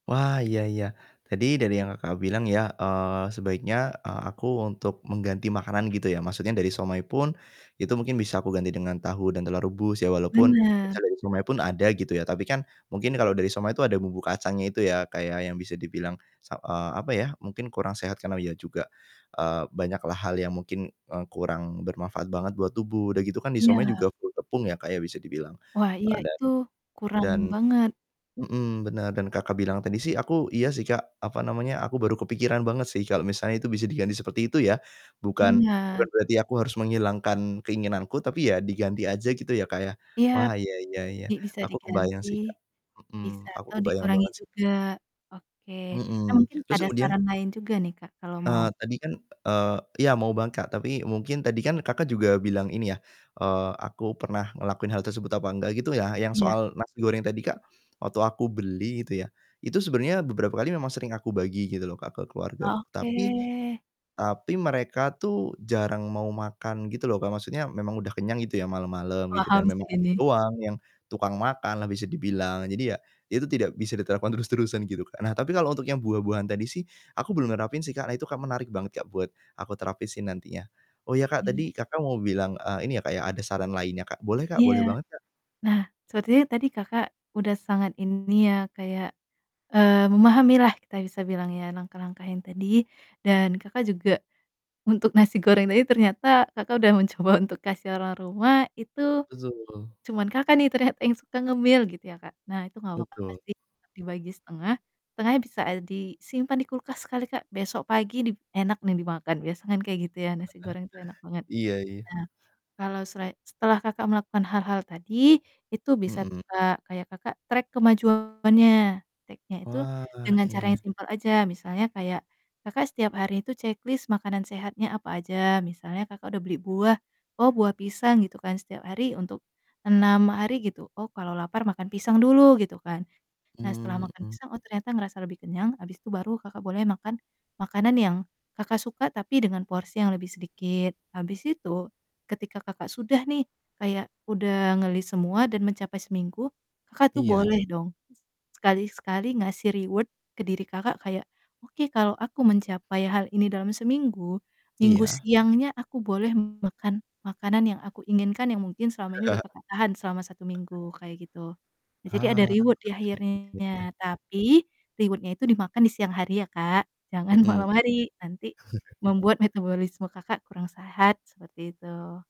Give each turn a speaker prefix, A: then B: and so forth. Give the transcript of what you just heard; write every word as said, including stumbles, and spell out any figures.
A: Wah iya iya, tadi dari yang Kakak, bilang ya, eee, sebaiknya, eee, aku untuk mengganti makanan gitu ya, maksudnya dari siomay pun itu mungkin bisa aku ganti dengan tahu dan telur rebus ya, walaupun misal
B: Bener.
A: dari siomay pun ada gitu ya, tapi kan mungkin kalau dari siomay itu ada bumbu kacangnya itu ya kayak yang bisa dibilang se eee, apa ya, mungkin kurang sehat karena iya juga, eee, banyak lah hal yang mungkin, eee, kurang bermanfaat banget buat tubuh. Udah gitu kan di siomay
B: Iya.
A: juga full tepung ya kayak bisa dibilang,
B: Wah, iya
A: eee, dan
B: itu kurang
A: dan
B: banget.
A: mhm, bener dan, Kakak, bilang tadi sih aku iya sih, Kak, apa namanya aku baru kepikiran banget sih kalau misalnya itu bisa diganti seperti itu ya, bukan bukan
B: Bener.
A: berarti aku harus menghilangkan keinginanku tapi ya diganti aja gitu ya, Kak, ya.
B: Iya,
A: Wah, iya iya iya
B: di bisa
A: aku kebayang
B: diganti
A: sih, Kak,
B: bisa
A: mhm, aku
B: atau
A: kebayang
B: dikurangi
A: banget sih.
B: juga, oke. Nah
A: Mhm,
B: mungkin
A: terus
B: ada
A: kemudian,
B: saran lain juga nih, Kak, kalau mau.
A: eee, tadi kan eee, ya mau banget, Kak, tapi mungkin tadi kan, Kakak, juga bilang ini ya, eee, aku pernah ngelakuin hal tersebut apa enggak gitu ya? Yang
B: Iya.
A: soal nasi goreng tadi, Kak, waktu aku beli gitu ya, itu sebenarnya beberapa kali memang sering aku bagi gitu loh ke
B: Ah,
A: keluargaku, tapi
B: oke.
A: tapi mereka tuh jarang mau makan gitu loh, Kak, maksudnya memang udah kenyang gitu ya malam-malam gitu
B: Paham
A: dan memang
B: sih
A: aku
B: ini.
A: doang yang tukang makan lah bisa dibilang. Jadi ya, itu tidak bisa diterapkan terus-terusan gitu, Kak. Nah tapi kalau untuk yang buah-buahan tadi sih aku belum nerapin sih, Kak. Nah itu kan menarik banget, Kak, buat aku terapin si nantinya. Oh ya, Kak,
B: Hmm.
A: tadi, Kakak, mau bilang, eee, ini ya, Kak, ya ada saran lainnya, Kak, boleh, Kak,
B: Iya.
A: boleh banget, Kak.
B: Nah sepertinya tadi, Kakak, udah sangat ini ya kayak, eee, memahami lah kita bisa bilangnya langkah-langkah yang tadi dan, Kakak, juga untuk nasi goreng tadi ternyata, Kakak, udah mencoba untuk kasih orang rumah itu
A: Betul.
B: cuman, Kakak, nih ternyata yang suka ngemil gitu ya, Kak. Nah itu gak apa-apa
A: Betul.
B: sih, dibagi setengah, setengah bisa disimpan di kulkas kali Kak, besok pagi di enak nih dimakan, biasa kan kayak gitu ya nasi goreng tuh enak banget.
A: Iya iya.
B: Nah kalau selai setelah, Kakak, melakukan hal-hal tadi itu bisa tuh
A: Mhm.
B: Kak, kayak, Kakak, track kemajuannya track-nya itu
A: Wah,
B: dengan cara yang
A: iya.
B: simpel aja misalnya kayak, Kakak, setiap hari itu checklist makanan sehatnya apa aja misalnya, Kakak, udah beli buah. Oh, buah pisang gitu kan setiap hari untuk enam hari gitu. Oh, kalau lapar makan pisang dulu gitu kan. Nah, setelah
A: Hmm,
B: makan
A: mhm.
B: pisang, oh, ternyata ngerasa lebih kenyang habis itu baru, Kakak, boleh makan makanan yang, Kakak suka tapi dengan porsi yang lebih sedikit. Habis itu ketika, Kakak, sudah nih kayak udah nge-list semua dan mencapai seminggu, Kakak, tuh
A: Iya.
B: boleh dong sekali-sekali ngasih reward ke diri, Kakak, kayak, "Oke, kalau aku mencapai hal ini dalam seminggu, Minggu
A: Iya.
B: siangnya aku boleh makan makanan yang aku inginkan." Yang mungkin selama ini udah Kakak tahan selama satu minggu, kayak gitu. Jadi ada
A: Ah,
B: reward di
A: [unintelligible] iya.
B: akhirnya, tapi reward-nya itu dimakan di siang hari ya, Kak, jangan
A: Mhm.
B: malam hari nanti membuat metabolisme, Kakak, kurang sehat, seperti itu.